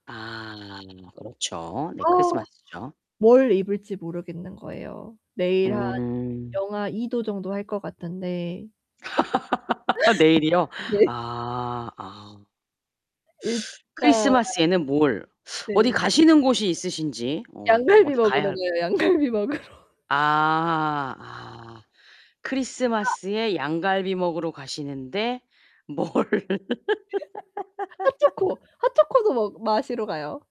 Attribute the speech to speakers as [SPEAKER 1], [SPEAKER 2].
[SPEAKER 1] 아 그렇죠. 네
[SPEAKER 2] 아
[SPEAKER 1] 크리스마스죠.
[SPEAKER 2] 뭘 입을지 모르겠는 거예요. 내일 한
[SPEAKER 1] 음.
[SPEAKER 2] -2도 정도 할 것 같은데.
[SPEAKER 1] 내일이요?
[SPEAKER 2] 네.
[SPEAKER 1] 아 아.
[SPEAKER 2] 일단
[SPEAKER 1] 크리스마스에는 뭘 어디
[SPEAKER 2] 네.
[SPEAKER 1] 가시는 곳이 있으신지? 어
[SPEAKER 2] 양갈비
[SPEAKER 1] 어디
[SPEAKER 2] 먹으러
[SPEAKER 1] 가야 할
[SPEAKER 2] 가요. 양갈비 먹으러.
[SPEAKER 1] 아 아
[SPEAKER 2] 아.
[SPEAKER 1] 크리스마스에 양갈비 먹으러 가시는데 뭘
[SPEAKER 2] 핫초코, 핫초코도 먹 마시러 가요.